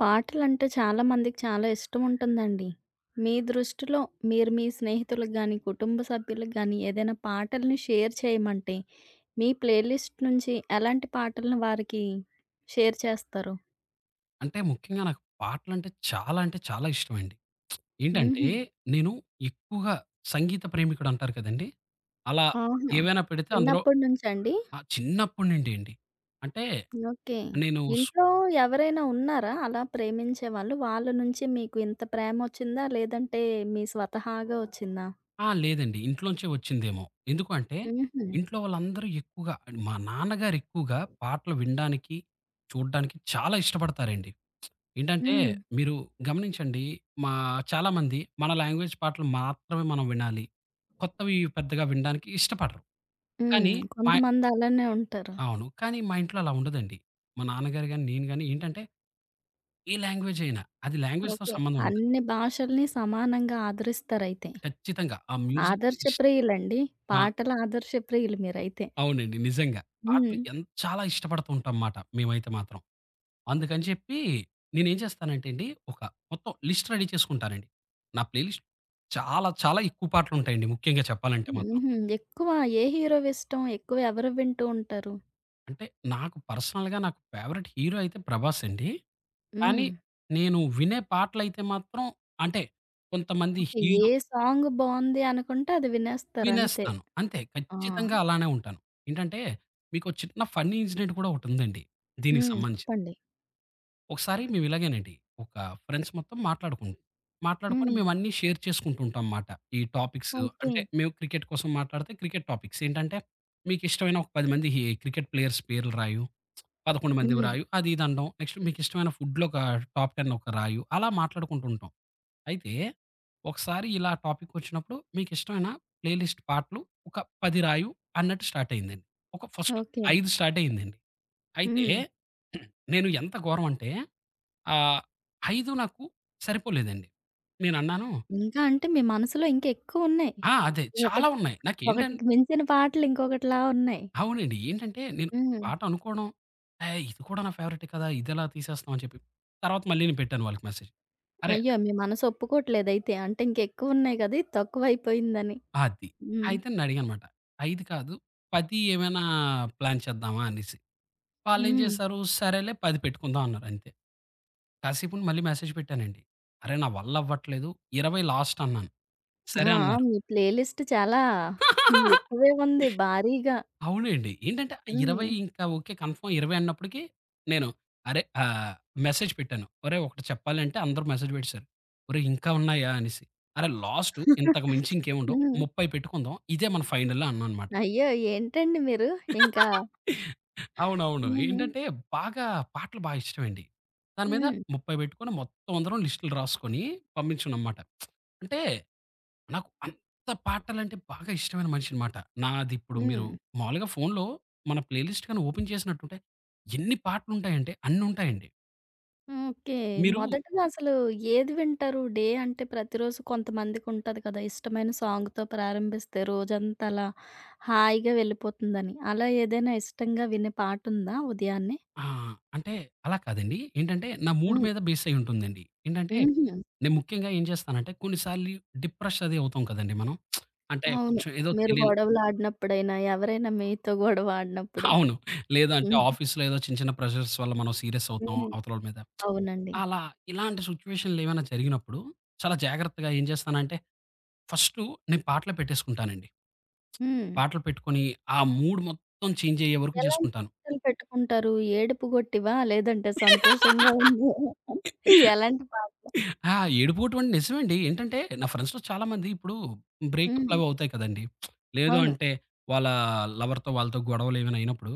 పాటలంటే చాలా మందికి చాలా ఇష్టం ఉంటుందండి. మీ దృష్టిలో, మీరు మీ స్నేహితులకి గాని, కుటుంబ సభ్యులకు గాని ఏదైనా పాటల్ని షేర్ చేయమంటే, మీ ప్లే లిస్ట్ నుంచి ఎలాంటి పాటలను వారికి షేర్ చేస్తారు? అంటే ముఖ్యంగా నాకు పాటలంటే చాలా అంటే చాలా ఇష్టం అండి. ఏంటంటే హుహు. నేను ఎక్కువగా సంగీత ప్రేమికుడు అంటారు కదండీ అలా ఆహా! ఏమైనా పెడితే అందులో చిన్నప్పటినుంచండి? ఆ! చిన్నప్పటి నుండి ఏండి అంటే ఓకె, నేను స్ ఇంట్లో ఎవరైనా ఉన్నారా అలా ప్రేమించేవాళ్ళు? వాళ్ళ నుంచి మీకు ఇంత ప్రేమొచ్చిందా? లేదంటే మీ స్వతహాగా వచ్చిందా? ఆ! లేదండి. ఇంట్లోంచే వచ్చిందేమో ఎందుకు అంటే, హుహు. ఇంట్లో వాళ్ళందరూ ఎక్కువగా అండ్ మా నాన్నగారు ఎక్కువగా పాటలు వినడానికి, చూడడానికి చాలా ఇష్టపడతారండి. ఏంటంటే హ్మ్. మీరు గమనించండి. మా చాలామంది మన లాంగ్వేజ్ పాటలు మాత్రమే మనం వినాలి కొత్తవి పెద్దగా వినడానికి ఇష్టపడరు. హ్మ్. కానీ మయ్ కొంతమంది అలానే ఉంటారు. అవును. కానీ మా ఇంట్లో అలా ఉండదండి మా నాన్నగారు గాని, నేను గాని ఏంటంటే ఏ లాంగ్వేజ్ అయినా అది లాంగ్వేజ్‌‌తో ఓకె. సంబంధం ఉండదు. అన్ని భాషల్ని సమానంగా ఆదరిస్తారైతే. ఖచ్చితంగా ఆ మ్యూజిక్ ఆదర్శ ఇష్ ప్రియులండి, ఆ! పాటల ఆదర్శప్రియులు మీరైతే. అవునండి, నిజంగా. పాటలు హ్మ్. ఎన్ చాలా ఇష్టపడుతూ ఉంటాం మాట మేమైతే మాత్రం. అందుకని చెప్పి నేనేం చేస్తానంటేండి, ఒక మొత్తం లిస్ట్ రెడీ చేసుకుంటానండి. నా ప్లేలిస్ట్ చాలా చాలా ఎక్కువ పాటలుంటాయండి ముఖ్యంగా చెప్పాలంటే మాత్రం. హుహు. ఎక్కువ ఏ హీరోవి ఇష్టం ఎక్కువ ఎవరివి వింటూ ఉంటారు? అంటే నాకు పర్సనల్‌గా నాకు ఫేవరైట్ హీరో అయితే ప్రభాస్ అండి. కానీ హ్మ్. నేను వినే పాటలయితే మాత్రం అంటే, కొంతమంది ఓకె. ఏ హీరో సాంగ్ బావుంది అనుకుంటే అది వినేస్తారు అంతే. వినేస్తాను అంతే ఆ! ఖచ్చితంగా అలానే ఉంటాను. ఏంటంటే, మీకొ చిన్న ఫన్నీ ఇన్సిడెంట్ కూడా ఒకటి ఉందండి దీనికి హ్మ్ సంబంధించింది. చెప్పండి. ఒకసారి మేము ఇలాగేనండి ఒక ఫ్రెండ్స్ మొత్తం మాట్లాడుకున్నం. మాట్లాడుకొని హ్మ్. మేమన్నీ షేర్ చేసుకుంటూ ఉంటాం అన్నమాట, ఈ టాపిక్స్ ఓకె. అంటే మేము క్రికెట్ కోసం మాట్లాడితే, క్రికెట్ టాపిక్స్ ఏంటంటే, మీకు ఇష్టమైన ఒక 10 మంది ఈ క్రికెట్ ప్లేయర్స్ పేర్లు రాయు, 11 మందివి హ్మ్. రాయు అది ఇది అనడం. నెక్స్ట్ మీకు ఇష్టమైన ఫుడ్‌లో ఒక టాప్ 10 ఒక రాయు. అలా మాట్లాడుకుంటూ ఉంటాం. అయితే ఒకసారి ఇలా టాపిక్ వచ్చినప్పుడు మీకిష్టమైన ప్లే లిస్ట్ పాటలు ఒక 10 రాయు అన్నట్టు స్టార్ట్ అయిందండి. ఒక ఫర్స్ట్ ఓకె. 5 స్టార్ట్ అయిందండి. అయితే హ్మ్. నేను ఎంత ఘోరం అంటే, ఆహ్, 5 నాకు సరిపోలేదండి నేనన్నాను ఇంకా అంటే మీ మనసులో ఇంకా ఎక్కువ ఉన్నాయి. ఆ! అదే చాలా ఒకటి ఉన్నాయి నాకు ఏంటన్ ఒకటికి మించిన పాటలు ఇంకొకటిలా ఉన్నాయి. అవునండి. ఏంటంటే నేను హ్మ్. పాట అనుకోవడం ఆహ్, ఇది కూడా నా ఫేవరైటే కదా ఇది ఎలా తీసేస్తున్నాం అని చెప్పి. తర్వాత మళ్ళీ నేను పెట్టాను వాళ్ళకి మెసేజ్. అరె అయ్యో! మీ మనసు ఒప్పుకోవట్లేదు అయితే అంటే, ఇంకా ఎక్కువున్నాయి కదా ఇది తక్కువైపోయిందని. అది. హ్మ్. అయితే నన్ను అడిగాను అన్నమాట, 5 కాదు 10 ఏమైనా ప్లాన్ చేద్దామా అనేసి. వాళ్ళేం హ్మ్. చేసారు, సరేలే 10 పెట్టుకుందాం అన్నారు అంతే. కాసేపుండి మళ్ళి మెసేజ్ పెట్టానండి, అరె నా వల్ల అవ్వట్లేదు 20 లాస్ట్ అన్నాను, ఆ! సరే అన్నారు. మీ ప్లే లిస్ట్ చాలా ఎక్కువే ఉంది భారీగా. అవునండి ఏంటంటే, హ్మ్. 20 ఇంకా ఓకె కన్ఫర్మ్ 20 అన్నప్పటికి, నేను అరె ఆహ్, మెసేజ్ పెట్టాను ఒరేయ్ ఒకటి చెప్పాలి అంటే అందరు మెసేజ్ పెట్టేసారు "ఒరేయ్ ఇంకా ఉన్నాయా?" అనేసి, అరె లాస్ట్ ఇంతకు మించి ఇంకేమి ఉండవు హ్మ్. 30 పెట్టుకుందాం ఇదే మనం ఫైనల్ అన్నా అనమాట. అయ్యో! ఏంటండి మీరు ఇంకా అవునవును. హ్మ్. ఏంటంటే బాగా పాటలు బాగా ఇష్టం అండి దాని మీద హ్మ్. 30 పెట్టుకొని మొత్తం అందరం లిస్ట్లు రాసుకొని, పంపించుకున్నం మాట. అంటే నాకు అంత పాటలంటే బాగా ఇష్టమైన మనిషిని మాట, నాది ఇప్పుడు మీరు హ్మ్. మామూలుగా ఫోన్‌లో మన ప్లే లిస్ట్ గాని ఓపెన్ చేసినట్టుంటే ఎన్ని పాటలు ఉంటాయి అంటే, అన్ని ఉంటాయండి. ఓకే. మీరు మొదటిలో అసలు ఏది వింటారు? డే అంటే, ప్రతిరోజు కొంతమందికి ఉంటది కదా! ఇష్టమైన సాంగ్‌తో ప్రారంభిస్తే రోజంతా అలా హాయిగా వెళ్ళిపోతుందని. అలా ఏదైనా ఇష్టంగా వినే పాట ఉందా ఉదయాన్నే? ఆ! అంటే, అలా కాదండి. ఏంటంటే నా మూడ్ హ్మ్. మీద బేసయ్యి ఉంటుందండి. ఏంటంటే, హుహు. నేను ముఖ్యంగా ఏం చేస్తానంటే, కొన్ని సార్లు డిప్రెష్ అది అవుతాం కదండీ మనం. అంటే, అవును. కొంచెం ఏదో మీరు తెలిని గొడవలాడినప్పుడైనా, ఎవరైనా మీతో గొడవాడినప్పుడు. అవును. లేదంటే హుహు. ఆఫీస్‌లో ఏదో చిన్న చిన్న ప్రెషర్స్ వల్ల మనం సీరియస్ అవుతాం హ్మ్. అవతల వాళ్ళ మీద. అవునండి. అలా ఇలాంటి సిట్యుయేషన్‌లో ఏమైనా జరిగినప్పుడు చాలా జాగ్రత్తగా ఏం చేస్తానంటే ఫస్ట్ నేను పాటలు పెట్టేసుకుంటానండి. హ్మ్. పాటలు పెట్టుకొని ఆ మూడ్ మొత్తం చేంజ్ అయ్యే వరకు ఎలాంటి చేసుకుంటాను. పాటలు పెట్టుకుంటారు ఏడుపుగొట్టివా? లేదంటే సంతోషంగా ఉన్నయా? ఎలాంటి పాట ఆ! ఏడుపోవడం అంటే, నిజమే అండి. ఏంటంటే నా ఫ్రెండ్స్‌లో చాలా మంది ఇప్పుడు హ్మ్. బ్రేకప్‌లవవుతాయి కదండీ. లేదు అవును. అంటే, వాళ్ళ లవర్‌తో వాళ్ళతో గొడవలేమైనా అయినప్పుడు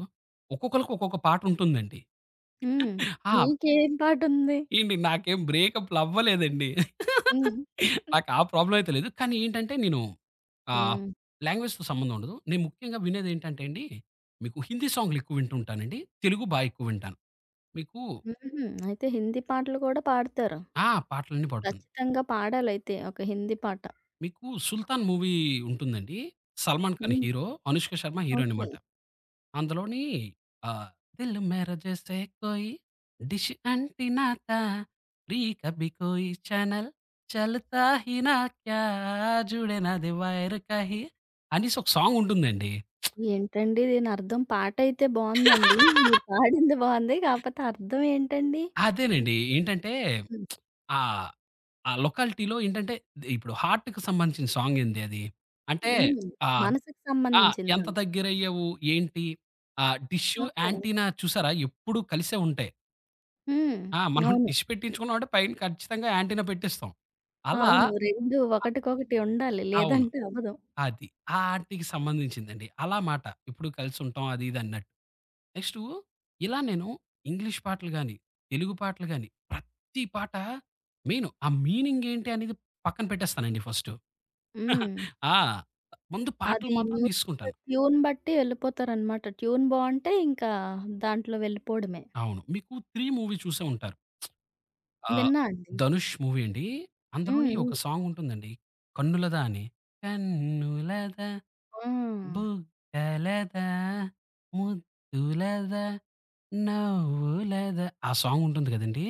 ఒక్కొక్కళ్ళకి ఒక్కొక్క పాట ఉంటుందండి. హ్మ్. ఆ మీకేం పాటుంది? ఏండి నాకేం బ్రేకప్లు అవ్వలేదండి. హ్మ్. నాకా ప్రాబ్లమ్ అయితే లేదు. కానీ ఏంటంటే, నేను ఆహ్, హ్మ్. లాంగ్వేజ్‌తో సంబంధం ఉండదు. నేను ముఖ్యంగా వినేదేంటంటే అండి, మీకు హిందీ సాంగ్లు ఎక్కువ వింటూ ఉంటాను అండి. తెలుగు బాగా ఎక్కువ వింటాను. మీకు హుహుహు. అయితే హిందీ పాటలు గూడా పాడుతారు. ఆ! పాటలన్నీ పాడుతాను. కచ్చితంగా పాడాలైతే ఒక హిందీ పాట. మీకు 'సుల్తాన్' మూవీ ఉంటుందండి. సల్మాన్ ఖాన్ హ్మ్. Hero, Anushka Sharma heroine okay. అన్నమాట. అందులోని ఆహ్, దిల్ మేర జైస్ కోయి, డిష్ అంటీనా తా. ప్రీత్ అభి కోయి చానెల్, చల్తా హీనా క్యా. జూడే నదీ వైర్ కహీ అనేసి ఒక సాంగుంటుందండి. ఏంటండీ దీనర్థం? పాటయితే బాగుందండి. మీరు పాడింది బాగుంది. కాకపోతే అర్థం ఏంటండి? అదేనండి. ఏంటంటే హ్మ్. ఆహ్, ఆ లొకాలిటీలో ఏంటంటే ద ఇప్పుడు హార్ట్‌కి సంబంధించిన సాంగ్ ఏంది అది. అంటే హ్మ్. ఆహ్, మనసుకు ఆ! సంబంధించిందా? ఎంత దగ్గరయ్యావు ఏంటి. ఆహ్, డిషు, ఓకే. ఆంటిన్నా చూసారా? ఎప్పుడూ కలిసే ఉంటాయి. హ్మ్. ఆ! మనం అవును. డిష్ పెట్టించుకున్నాం అంటే పైన ఖచ్చితంగా యాంటీనా పెట్టేస్తాం. అలా, అవును 2 అ ఒకటికొకటి ఉండాలి, అవును లేదంటే అవ్వదు. అది. ఆ! ఆటికి సంబంధించింది అలా మాట, ఇప్పుడు కలిసి ఉంటాం అది ఇది అన్నట్టు. నెక్స్టు ఇలా నేను ఇంగ్లీష్ పాటలు గాని తెలుగు పాటలు గాని ప్రతి పాట మెయిన్ ఆ మీనింగేంటి అనేది పక్కన పెట్టేస్తానండి ఫర్స్టు, హ్మ్. ఆ! ఆహ్, ముందు పాటలు అది మాత్రం తీసుకుంటాను. మ్యూజిక్ ట్యూన్ బట్టి ఎళ్ళిపోతారనమాట. ట్యూన్ బావుంటే ఇంకా దాంట్లో వెళ్ళిపోడమే. అవును మీకు 'త్రీ' మూవీ చూసే ఉంటారు. ఆహ్, విన్నా అండి. ధనుష్ మూవీ అండి హ్మ్. అందులోని ఒక హ్మ్. సాంగుంటుందండి 'కన్నులదా' అని. కన్నులదా ఆ! బుగ్గలదా ముద్దులదా నవ్వులదా ఆ సాంగుంటుంది కదండీ!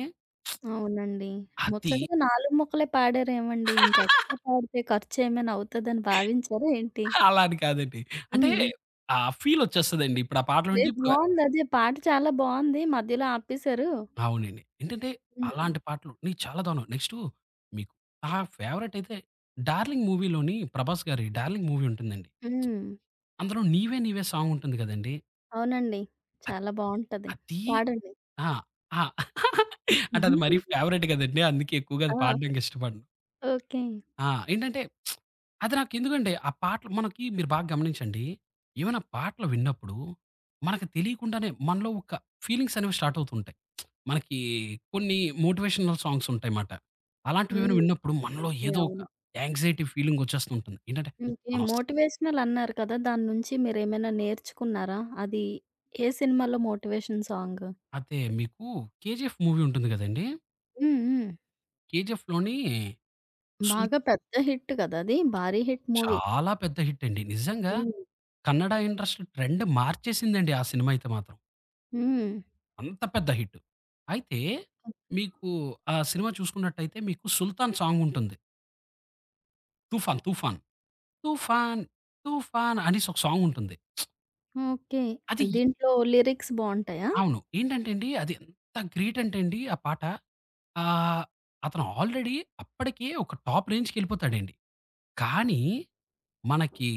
అవునండి అది ముచ్చటగా 4 మొక్కలే పాడారేమండి ఇంకా ఎక్స్ట్రా పాడితే ఖర్చేమైనా అవుతదని భావించారా ఏంటి? అలా అని కాదండి. అంటే హ్మ్. ఆ ఫీలొచ్చేస్తదండి ఇప్పుడా పాటలు వింటే లేదు ఇప్పుడా బావుందదే, పాట చాలా బావుంది మధ్యలో ఆపేశారు. అవునండి. ఏంటంటే హ్మ్. అలాంటి పాటలు చాలా దారుణమండి. నెక్స్టు మీ నా ఫేవరైట్ అయితే డార్లింగ్ మూవీ లోని ప్రభాస్ గారి డార్లింగ్ మూవీ ఉంటుంది అండి. హ్మ్. అందులో 'నీవే నీవే' సాంగుంటుంది కదండీ! అవునండి. ఆహ్, చాలా బావుంటది అదీ పాడండి. ఆ! ఆ! అంటే అది మరి ఫేవరెట్ కదండి! అందుకే ఎక్కువగా ఆ! పాడడానికి ఇష్టపడను. ఓకే. ఆ! ఏంటంటే అది నాకెందుకంటే ఆ పాటలు మనకి మీరు బాగ గమనించండి, ఏమైనా పాటలు విన్నప్పుడూ మనకు తెలియకుండానే మనలో ఒక ఫీలింగ్సనేవి స్టార్ట్ అవుతూ ఉంటాయి. మనకి కొన్ని మోటివేషనల్ సాంగ్స్ ఉంటాయమాట. అలాంటివేమైనా హ్మ్. విన్నప్పుడు మనలో నిజమే ఏదో ఒక అవును. యాంక్సైటీ ఫీలింగ్ వచ్చేస్తుంటుంది ఏంటంటే [unintelligible] మనం అస్ మోటివేషనల్ అన్నారు కదా! దాని నుంచి మీరేమైనా నేర్చుకున్నారా? అది ఏ సినిమాలో మోటివేషన్ సాంగూ? అదే మీకు 'కేజీఎఫ్' మూవీ ఉంటుంది గదండీ! హ్మ్. హ్మ్. 'కేజీఎఫ్‌' లోని సు బాగా పెద్ద హిట్ గదా! అది భారీ హిట్ మూవీ. చాలా పెద్ద హిట్ అండి. నిజంగా హ్మ్. కన్నడ ఇండస్ట్రీ ట్రెండ్ మార్చేసిందండి ఆ సినిమా అయితే మాత్రం. హ్మ్. అంత పెద్ద హిట్. అయితే హ్మ్. మీకు ఆ సినిమా చూసుకున్నట్టైతే మీకు 'సుల్తాన్' సాంగుంటుంది. 'తుఫాన్ తుఫాన్.' తుఫాన్ తుఫాన్ అనేసొక సాంగుంటుంది. ఓకే. అది దీంట్లో లిరిక్స్ బావుంటాయా? అవును. ఏంటంటే అండి అది ఎంత గ్రేట్ అంటే అండి ఆ పాట ఆహ్, అతను ఆల్రెడీ అప్పడికే ఒక టాప్ రేంజ్‌ళ్ళికెపోతాడండి. కానీ, మనకి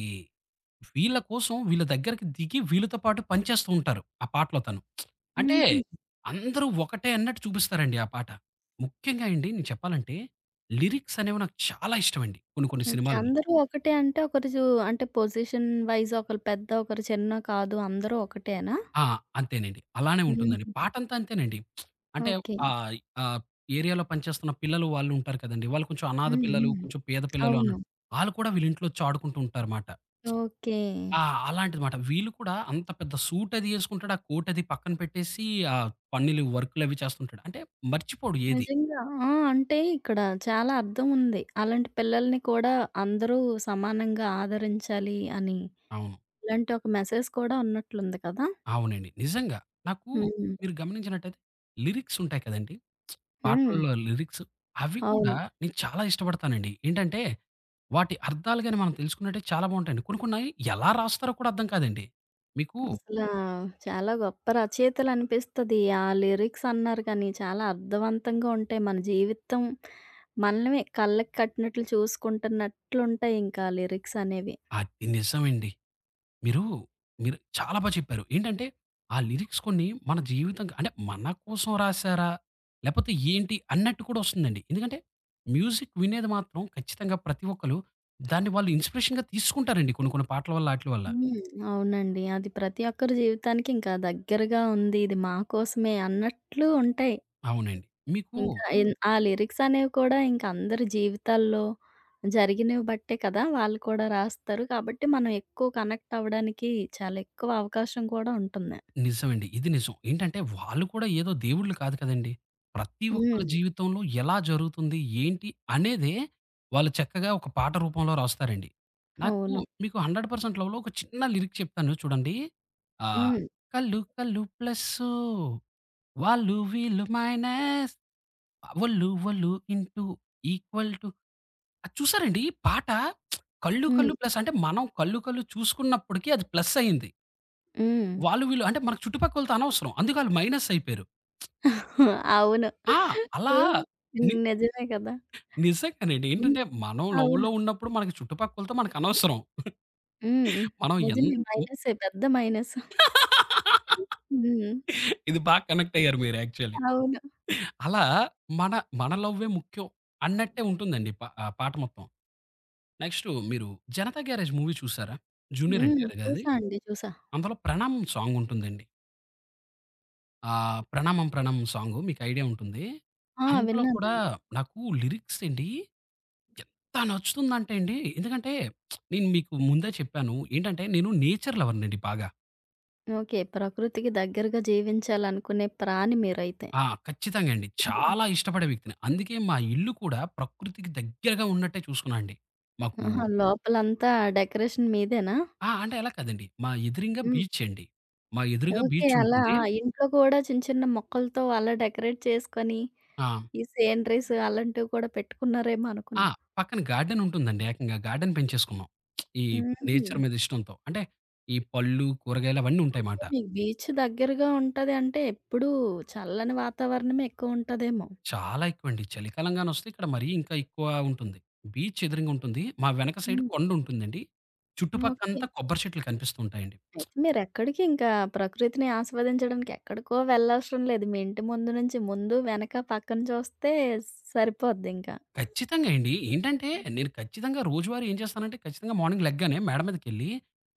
వీళ్ళ కోసం వీళ్ళ దగ్గరకి దిగి వీళ్ళతో పాటు పనిచేస్తూ ఉంటారు ఆ పాటలో తను. అంటే హుహు. అందరూ ఒకటే అన్నట్టు చూపిస్తారండి ఆ పాట. ముఖ్యంగా అండి నేను చెప్పాలంటే లిరిక్సనేవి నాకు చాలా ఇష్టమండి కొన్ని కొన్ని ఓకే. సినిమాల్లో. అందరూ ఒకటే అంటే ఒకరు చూ అంటే పొజిషన్ వైస్ ఒకలు పెద్ద ఒకరు చిన్న కాదు అందరూ ఒకటే అనా? ఆ! అంతేనండి. అలానే ఉంటుందండి. హుహు. పాటంతా అంతేనండి. అంటే ఓకే. ఆహ్, ఆ ఏరియాలో పనిచేస్తున్న పిల్లలు, వాళ్ళు ఉంటారు కదండీ! వాళ్ళు కొంచెం అనాధ హ్మ్. పిల్లలు, హ్మ్. కొంచెం పేద పిల్లలు అవును. అన్నట్టు ఆళ్ళు కూడా వీళ్ళింట్లో వచ్చి ఆడుకుంటూ ఉంటారుమాట. ఓకే. ఆ! అలాంటిదిమాట వీళ్ళు కూడా అంత పెద్ద సూట్ అదీ యేసుకుంటాడు. ఆ కోట్ అదీ పక్కన పెట్టేసి ఆ పనిలు, వర్కులవి చేస్తుంటాడు. అంటే మర్చిపోడు ఏది. నిజంగా. ఆ! అంటే ఇక్కడ చాలా అర్థం ఉంది. అలాంటి పిల్లల్ని కూడా అందరూ సమానంగా ఆదరించాలి అని. అవును. ఇలాంటి ఒక మెసేజ్ కూడా ఉన్నట్లుంది కదా! అవునండి. నిజంగా. నాకూ హ్మ్. మీరు గమనించినట్టైతే లిరిక్స్ ఉంటాయి కదండీ! హ్మ్. పాటల్లో లిరిక్స్. అవి కూడా అవును. నేను చాలా ఇష్టపడతానండి. ఏంటంటే వాటి అర్థాలు గాని మనం తెలుసుకున్నట్టే చాలా బావుంటాయండి. కొన్ని కొన్నాయి ఎలా రాస్తారో కూడా అర్థం కాదండి. మీకు అసలా చాలా గొప్ప రచయితలనిపిస్తది. ఆ లిరిక్సన్నారు గానీ చాలా అర్థవంతంగా ఉంటాయి. మన జీవితం మనమే కళ్ళకి కట్టినట్లు చూసుకుంటున్నట్లుంటాయి ఇంకా లిరిక్సనేవి. అది నిజమండి. మీరూ మీరు చాలా బా చెప్పారు. ఏంటంటే ఆ లిరిక్స్ కొన్ని మన జీవితం క అంటే మన కోసం రాశారా? లేపోతే ఏంటి? అన్నట్టు కూడా వస్తుందండి. ఎందుకంటే మ్యూజిక్ వినేది మాత్రం ఖచ్చితంగా ప్రతి ఒక్కళ్ళు దాన్ని వాళ్ళు ఇన్స్‌పిరేషన్‌గా తీసుకుంటారండి కొన్ని కొన్ని పాటల వల్ల, ఆటిల వల్ల. హ్మ్. అవునండి. అది ప్రతి ఒక్కరి జీవితానికి ఇంకా దగ్గరగా ఉంది. ఇది మా కోసమే అన్నట్లు ఉంటాయి. అవునండి. మీకూ ఇంకా ఎన్ ఆ లిరిక్సనేవి కూడా ఇంకా అందరి జీవితాల్లో జరిగినవి బట్టే కదా! వాళ్ళు కూడా రాస్తారు కాబట్టి మనం ఎక్కువ కనెక్ట్ అవ్వడానికి చాలా ఎక్కువ అవకాశం కూడా ఉంటుంది. నిజమండి. ఇది నిజం. ఏంటంటే వాళ్ళు కూడా ఏదో దేవుళ్ళు కాదు కదండీ! ప్రతి ఒక్కళ్ళ హ్మ్. జీవితంలో ఎలా జరుగుతుంది? ఏంటి? అనేదే వాళ్ళు చక్కగా ఒక పాట రూపంలో రాస్తారండి. నాకు అవును. మీకు "హండ్రెడ్ పర్సెంట్ లవ్‌లో" ఒక చిన్న లిరిక్ చెప్తాను చూడండి. ఆహ్, హ్మ్. కళ్ళు కళ్ళు ప్లస్సూ వాళ్ళు వీళ్ళు మైనస్ వొళ్ళు వొళ్ళు ఇంటూ ఈక్వల్ టూ అది చూసారండి! ఈ పాట కళ్ళు హ్మ్. కళ్ళు ప్లస్ అంటే మనం కళ్ళు కళ్ళు చూసుకున్నప్పడికి అది ప్లస్సయ్యింది. హ్మ్. వాళ్ళు వీళ్ళు అంటే మన చుట్టుపక్కోళ్ళతో అనవసరం అందుకే ఆళ్ళు మైనస్ అయిపోయారు. అవును. ఆ! అలా ఆహ్, ని నిజమే కదా! నిజంగానే అండి. హ్మ్. ఏంటంటే మనం అవును. లవ్‌లో ఉన్నప్పుడు మన చుట్టుపక్కలతో మనకనవసరం. హ్మ్. మనం ఎం నిజమే హ్మ్. మైనస్సే.పెద్ద మైనస్. హ్మ్. ఇది బా కనెక్టయ్యారు మీరు యాక్చువల్లీ. అవును. అలా మన, మన లవ్వే ముఖ్యం అన్నట్టే ఉంటుందండి. ప ఆ పాట మొత్తం. నెక్స్టూ మీరు 'జనతా గ్యారేజ్ మూవీ చూసారా? జూనియర్ హ్మ్. ఎన్‌టిఆర్ గారిది చూసా అండి. చూసా. అందులో 'ప్రణామం' సాంగుంటుందండి. ఆహ్, 'ప్రణామం ప్రణామం' సాంగు. మీకయిడియా ఉంటుందీ. ఆ! అందులో కూడా విన్నానండి. నాకు లిరిక్సెండీ ఎంత నచ్చుతుందంటే అండి, ఎందుకంటే, నేను మీకు ముందే చెప్పాను ఏంటంటే, నేను నేచర్ లవర్‌నండి బాగా. ఓకే. ప్రకృతికి దగ్గరగా జీవించాలనుకునే ప్రాణి మీరైతే. ఆ! ఖచ్చితంగండి. చాలా ఇష్టపడే వ్యక్తిని. అందుకే మా ఇల్లు కూడా ప్రకృతికి దగ్గరగా ఉన్నట్టే చూసుకున్నా అండి. మాకు ఆహా! లోపలంతా డెకరేషన్ మీదేనా? ఆ! అంటే అలాగ కాదండి. మా ఎదురింగా హ్మ్. బీచ్చండి. మా ఎదురుగా ఓకే. అలా బీచ్చుంటుంది. ఇంట్లో గూడా చిన్న చిన్న మొక్కలతో అలా డెకరేట్ చేసుకొని, ఆ! ఈ సీనరీస్, అలాంటివి కూడా పెట్టుకున్నారేమో ఆ! అనుకున్నా. పక్కన గార్డెనుంటుందండి ఏకంగా. గార్డెన్ పెంచేసుకున్నాం. ఈ నేచర్ హుహు. మీద ఇష్టంతో. అంటే, ఈ పళ్ళు, కూరగాయలు అవన్నీ ఓకే. ఉంటాయిమాట. మీకు బీచ్ దగ్గరగా ఉంటదంటే ఎప్పుడూ చల్లని వాతావరణమే ఎక్కువుంటదేమో. చాలా ఎక్కువండి. చలికాలంగానొస్తే ఇక్కడ మరీ ఇంకా ఎక్కువా ఉంటుంది. బీచ్చెదురుంగుంటుంది. మా వెనక సైడు హ్మ్. కొండుంటుందండి. ఓకే. చుట్టుపక్కంతా కొబ్బరి చెట్లు కనిపిస్తూ ఉంటాయండి. అయితే మీరెక్కడికింకా ప్రకృతిని ఆస్వాదించడానికి ఎక్కడికో వెళ్ళవసరం లేదు. మీ ఇంటి ముందు నుంచి ముందు, వెనక, పక్కన చూస్తే సరిపోద్దింక. ఖచ్చితంగా అండి. ఏంటంటే, నేను ఖచ్చితంగా రోజువారి ఏం చేస్తానంటే, ఖచ్చితంగా మార్నింగ్ లెగ్గానే మేడ మీదకెళ్ళీ,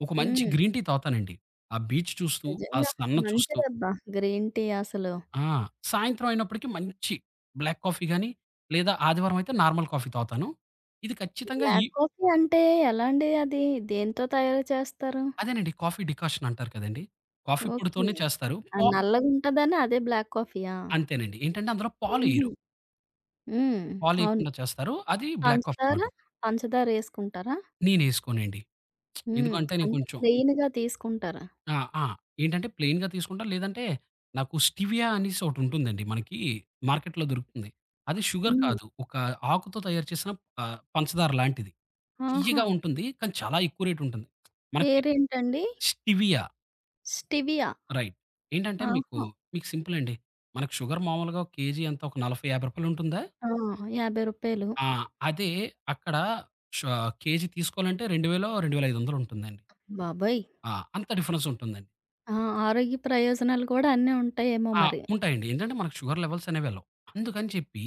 ఒక మంచి హ్మ్. గ్రీన్ టీ తావుతానండి, ఆ బీచ్ చూస్తూ, ఆ నిజంగా. సన్ను చూస్తూ. మంచిదబ్బా గ్రీన్ టీ అసలు. ఆ! సాయంత్రం అయినప్పడకీ మంచి బ్లాక్ కాఫీ గానీ లేదా ఆదివారవయితే నార్మల్ కాఫీ తాగుతాను. ఇది ఖచ్చితంగా ఇ బ్లాక్ కాఫీ అంటే ఎలా అండి అది? దేనితో తయారు చేస్తారు? అదేనండి, కాఫీ డికాషనంటారు కదండి. Coffee okay. పొడి‌తోనే చేస్తారు. ప ఆహ్, నల్లగుంటదని అదే బ్లాక్ కాఫీయా? అంతేనండి. ఏంటంటే అందులో హుహు. పాలెయరు. హ్మ్. అవును. పాలెయకుండా చేస్తారు. అది బ్లాక్ కాఫీ పంచదార? మాట. పంచదార యేసుకుంటారా? నేనేసుకోనండి. ఎందుకు హ్మ్. అంటే, నే అంటే, కొంచెం ప్లెయినుగా తీసుకుంటారా? ఆ! ఆ! ఏంటంటే, ప్లెయిన్‌గా తీసుకుంటా, లేదంటే నాకు స్టివియా అనేసొకటిటుంటుందండి. మనకీ మార్కెట్‌లో దొరుకుతుంది. అది షుగర్ హ్మ్. కాదు. ఒక ఆకుతో తయారు చేసిన ఆహ్, పంచదార లాంటిది. తియ్యగా ఆహా! ఉంటుంది, కానీ చాలా ఎక్కువ రేటుంటంది. మనకి పేరేంటండీ? స్టివియా. స్టివియా రైట్ ఏంటంటే మీకు, ఆహా! మీకు సింపులండి. మనకు షుగర్ మామూలుగా ఒక కేజీ ఎంతా ఒక 40, 50 రూపాయలుంటుందా? ఆ! రూ. 50. ఆ! అదే, అక్కడ ష కేజీ తీసుకోవాలంటే రెండు వేలో, 2500 ఉంటుందండి. బాబోయ్! ఆ! అంత డిఫరెన్సుంటుందండి. ఆ! ఆరోగ్య ప్రయోజనాలు కూడా అన్నీ ఉంటాయేమో ఆ! మరి! ఉంటాయండి. ఏంటంటే మనకు షుగర్ లెవెల్స్ అనేవి వెళ్లవు. అందుకని చెప్పి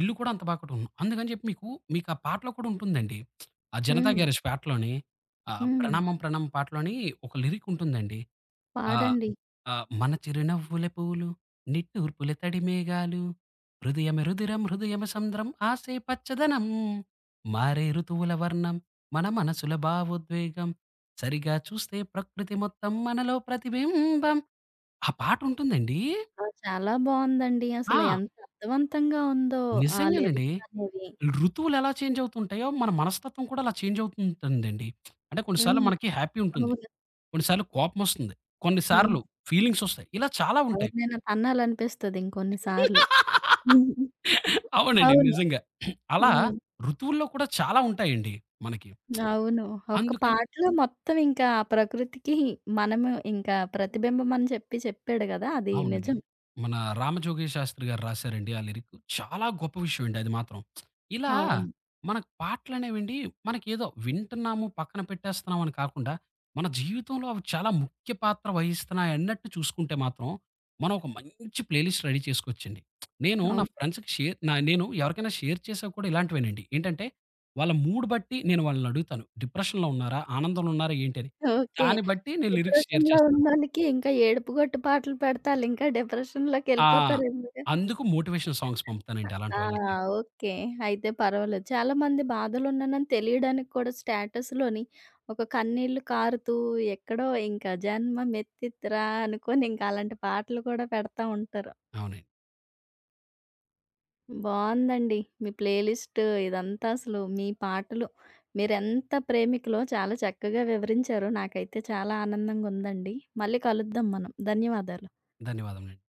ఇల్లు కూడా అంత బాగా కట్టుకున్నాం. అందుకని చెప్పి మీకు, మీకు ఆ పాటలో కూడా ఉంటుందండి. ఆ 'జనతా హ్మ్. గ్యారేజ్' పాటలోని, ఆ హ్మ్. 'ప్రణామం ప్రణామం' పాటలోని ఒక లిరిక్ ఉంటుందండి. ఆహ్, పాడండి. ఆహ్, మన చిరునవ్వులే పువ్వులు, నిట్టూర్పుల తడి మేఘాలు, హృదయమే రుదిరం హృదయమే సంద్రం ఆశే పచ్చదనం. మారే ఋతువుల వర్ణం మన మనసుల భావోద్వేగం సరిగా చూస్తే ప్రకృతి మొత్తం మనలో ప్రతిబింబం. ఆ పాటుంటుందండీ ఆ! చాలా బావుందండి. అసలు ఆ! ఎంత అర్థవంతంగా ఉందో! ఆ నిజంగానండి. లిరిక్సనేది. ఋతువులెలా చేంజవుతూ ఉంటాయో, మన మనస్తత్వం కూడా అలా చేంజవుతుంటుందండి. అంటే కొన్ని సార్లు హ్మ్. మనకి హ్యాపీ ఉంటుంది, అవును. కొన్ని సార్లు కోపమొస్తుంది, కొన్ని హ్మ్. సార్లు ఫీలింగ్సొస్తాయి. ఇలా చాలా ఉంటాయి. ఎవరినైనా తన్నాలనిపిస్తది ఇంకొన్ని సార్లు, అవునండి. అవును. నిజంగా. అలా హ్మ్. ఋతువుల్లో కూడా చాలా ఉంటాయెండి మనకి. అవును. ఒక అందుకని పాటలో మొత్తం ఇంకా ఆ ప్రకృతికి మనము ఇంకా ప్రతిబింబమని చెప్పి చెప్పాడు కదా! అది అవునండి. నిజం. మన రామజోగయ్య శాస్త్రి గారు రాసారండి. ఆ లిరిక్ చాలా గొప్ప విషయం అండి. అది మాత్రం ఇలా అవును. మనకు పాటలనేవెండి, మనకేదో వింటున్నాము, పక్కన పెట్టేస్తున్నాము అని కాకుండా, మన జీవితంలో అవి చాలా ముఖ్య పాత్ర వహిస్తున్నాయన్నట్టు చూసుకుంటే మాత్రం మనం ఒక మంచి ప్లేలిస్ట్ రెడీ చేసుకోవచ్చండి. నేను నా అవునండి. ఫ్రెండ్స్‌కి షేర్ నేను ఎవరికైనా షేర్ చేశాక కూడా ఇలాంటివేనండి. ఏంటంటే, వాళ్ల మూడ్ బట్టి నేను వాళ్లని అడుగుతాను. డిప్రెషన్‌లో ఉన్నారా, ఆనందంలో ఉన్నారా, ఏంటి అని. ఓకే. దాన్ని బట్టి నేను లిరిక్స్ షేర్ డిప్రెషన్‌లో చేస్తాను. ఉన్నోళ్లకి ఇంకా ఏడుపుగొట్టు పాటలు పెడితే, ఆళ్ళింకా ఆ! డిప్రెషన్‌లోకెళ్లిపోతారందుకు? అందుకు మోటివేషనల్ సాంగ్స్ పంపుతానండి అలాంటి ఆ! వాళ్ళకి. ఓకే. అయితే పర్వాలేదు. చాలామంది బాధలో ఉన్నాయని తెలియడానికి కూడా స్టేటస్‌లోనే ఒక కన్నీళ్లు కారుతూ, ఎక్కడో ఇంకా జన్మమెత్తితిరా అనుకుని, ఇంకా అలాంటి పాటలు కూడా పెడతా ఉంటారు. అవును. బావుందండి. మీ ప్లే లిస్ట్ ఇదంతా. అసలు మీ పాటలు మీరెంత ప్రేమికులో, చాలా చక్కగా వివరించారు. నాకైతే చాలా ఆనందంగుందండి. మళ్లీ కలుద్దాం మనం. ధన్యవాదాలు. ధన్యవాదములండి.